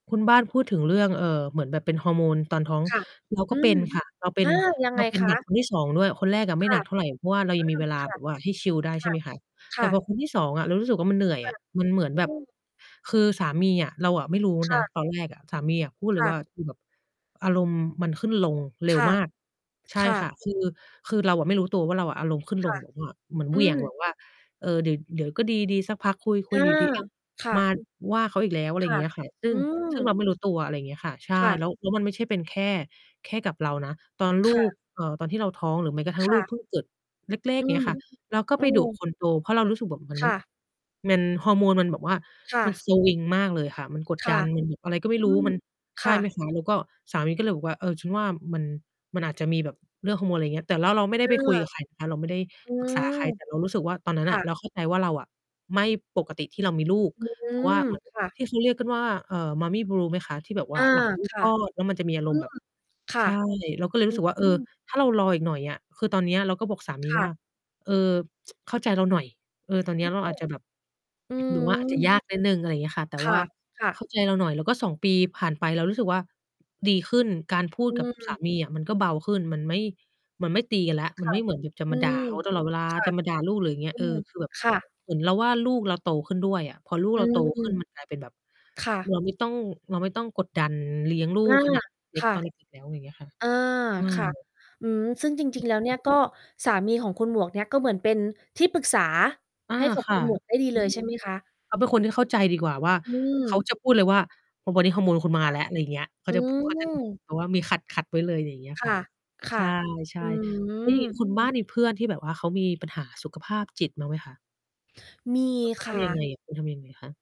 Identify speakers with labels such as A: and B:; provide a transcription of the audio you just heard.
A: คุณบ้านพูดถึงเรื่อง เอ่อ เหมือนแบบเป็นฮอร์โมนตอนท้อง
B: ค่ะ
A: เราก
B: อ
A: ็
B: ื
A: เป็
B: ม
A: นค่ะ เราเป็
B: อา
A: น
B: ยัง
A: เ
B: ไ
A: ร
B: ง
A: าเป็น
B: ค
A: หนัก
B: ะ?
A: คนที่ 2 ด้วย คนแรกอะไม
B: ค
A: ่
B: ่
A: หน
B: ะ
A: ักเท่าไร เพราะว่าเรา
B: อ
A: ย
B: ื
A: ังมี
B: ม
A: เวลา
B: ค่
A: แ
B: ะ
A: บบว่าให้ชิลได้ ใ
B: ค
A: ช่
B: ่ะ
A: ไหมคะ
B: ค
A: แต
B: ่
A: ่พอ
B: ะ
A: คนที่ 2 อะ เรารู้สึกว่า มันเหนื่อย
B: ค
A: อ
B: ่ะ
A: ะมันเหมือน
B: อื
A: แบบ
B: ม
A: คือสามีอะเราอะไม่รู้
B: ค
A: น
B: ่
A: ะ
B: ะ
A: ตอนแรกอะสามีพูดเล
B: ค
A: ย
B: ่
A: ว
B: ะ
A: ่า "คือแบบอารมณ์มันขึ้นลงเร็
B: ค
A: ว
B: ่ะ
A: มาก" ใช
B: ค
A: ่
B: ่
A: ค่ะ
B: ะ
A: คือ คือเราอะไม่รู้ตัวว่าเราอารมณ์ขึ้นล
B: ค่
A: ง
B: ะ
A: เหมือนว่า เหมือน
B: อ
A: เห
B: ื
A: วี่ยง แบ
B: ม
A: บว่า เอ่อ เดี๋ยว เดี๋ยวก็ดี ดีสักพักคุย คุ
B: อ
A: ย
B: า
A: อยู่ดี ๆ อ้าว!
B: ค่
A: มา
B: ะ
A: ว่าเขาอีกแล้ว อะไร
B: ค
A: อย่า
B: ่
A: ง
B: ะ
A: เงี้ย ค่ะ ซึ่
B: อื
A: ง ซึ่งเร
B: ม
A: าไม่รู้ตัว อะไรอย่างเงี้ยค่ะ ใช
B: ค
A: ่
B: ่
A: แ
B: ะ
A: ล้ว แล้วมันไม่ใช่เป็นแค่ แค่กับเรานะ ตอนล
B: ค่
A: ูก
B: ะ
A: เอ่อ ตอนที่เราท้อง หรือแม้กระทั่ง
B: ค
A: ลู
B: ่
A: กเ
B: ะ
A: พิ่งเกิดเล็ก ๆ
B: อื
A: อย่างเงี้
B: ม
A: ยค่ะ เราก็
B: อื
A: ไปดุ
B: ม
A: คนโตเพราะเรารู้สึกแบบเหมือน
B: ค
A: มัน
B: ่ะ
A: มัน ฮอร์โมนมันแบบว่า
B: ค่
A: มัน
B: ะ
A: สวิงมากเลยค่ะ มันกด
B: ค
A: ด
B: ่
A: ั
B: ะ
A: น มันอะไรก็ไม่
B: อ
A: ร
B: ื
A: ู้
B: ม
A: มัน ใช
B: ค่
A: ่ไหม
B: ะ
A: คะ แล้วก็สามีก็เลยบอกว่า เออ ฉันว่ามัน มันอาจจะมีแบบเรื่องฮอร์โมน อะไรอย่างเงี้ย แต่ ร เราไม่ได้
B: เอ
A: ไปคุ
B: อ
A: ยกับใครนะคะ เราไม่ได้
B: อื
A: ปรึกษาใค
B: ม
A: ร แต่เรารู้สึกว่าตอนนั้
B: ค
A: นอ
B: ่
A: ะ
B: ะ
A: เราเข้าใจว่าเราอะ ไม่ปกติที่เรามีลูก
B: อื
A: เพราะว่า
B: ม
A: เหมือน
B: ค่ะ
A: ที่เขาเรียกกันว่า เอ่อ Mommy blue ไหมคะ? ที่แบบว
B: อ
A: ่า
B: า
A: หลังเพิ่ง
B: ค
A: ค
B: ่ะ
A: ลอด แล้วมันจะมีอาร
B: อื
A: มณ์แบ
B: ม
A: บ
B: ค่
A: ใ
B: ะ
A: ช่ เราก็เลย
B: อ
A: ร
B: ื
A: ู้สึกว่า เออ
B: ม
A: ถ้าเรารออีกหน่อยอะ คือตอนเนี้ยเราก็บอกสามี
B: ค่
A: ว่า
B: ะ
A: "เอ่อ เข้าใจเราหน่อย เอ่อ ตอนเนี
B: อ
A: ้
B: ื
A: ย
B: อ
A: เราอาจจะแบบ
B: อื
A: หรือว่า อาจจะย
B: ม
A: ากนิดหนึ่ง" อะไรอย่างเงี้ยค่ะ แต่
B: ค
A: ว
B: ่
A: ่
B: ะ
A: า
B: ค่
A: เข
B: ะ
A: ้าใจเราหน่อย แล้วก็ 2 ปีผ่านไป เรารู้สึกว่าดีขึ้น การพู
B: อ
A: ด
B: ื
A: กับส
B: ม
A: ามีอะมันก็เบาขึ้น มันไม่ มันไม่ตีกันแล้ว
B: ค
A: มัน
B: ่ะ
A: ไม่เหมือนแบบจะ
B: อื
A: มาด่า
B: ม
A: เขาตลอดเวลา
B: ค่ะ
A: จะมาด่าลูก หรืออย่างเงี้
B: อื
A: ย เอ
B: ม
A: อ คือแบบ
B: ค่ะ
A: เหมือนเราว่าลูกเราโตขึ้นด้วยอะพอลูก
B: อื
A: เราโต
B: ม
A: ขึ้นมันกลายเป็นแบบ
B: ค่ะ
A: เราไม่ต้อง เราไม่ต้องกดดันเลี้ยงลู
B: อา
A: กขนาดเล็
B: ค
A: ก
B: ่ะ
A: ตอนเด็ก ๆ แล้ว อะไรอย่างเงี้ยค่ะ
B: อา
A: อืม
B: ค่ะ อืม ซึ่งจ
A: เ
B: ร
A: อ
B: ิ
A: อ
B: ง ๆ แล
A: ใ
B: ้
A: ช
B: วเนี่ย
A: ่
B: ก็ สามีของคุณหมวกเนี่ย ก็เหมือนเป็นที่ปรึกษา
A: อา
B: ให้กับ
A: ค
B: ค
A: ่
B: ุ
A: ะ
B: ณหมวก ได้ดี
A: ค
B: เล
A: ือ
B: ย ใช่ไหม คะ?
A: เขาเป็นคนที่เข้าใจดีกว่าว่า
B: อื
A: เขา
B: ม
A: จะพูดเลยว่า "วันนี้ฮอร์โมนคุณม
B: ค
A: า
B: ่ะ
A: แล้ว" อะไรอย่างเงี้ย เข
B: อ
A: า
B: ื
A: จะพูด เขาจะ
B: ม
A: แบบว่ามีขัด ๆ ไว้เลย อะไรอย่างเนี้ย
B: ค
A: ค
B: ่
A: ่ะ
B: ะ ค
A: ใ
B: ่
A: ช่
B: ะ
A: ใช่
B: อื
A: แล้วอย่างนี้
B: ม
A: คุณบ้านมีเพื่อนที่แบบว่าเขามีปัญหาสุขภาพจิตมั่งไหมคะ?
B: มี
A: แล้วเขา
B: ค
A: ท
B: ่ะ
A: ำยังไงอะ คุณทำยังไงคะ?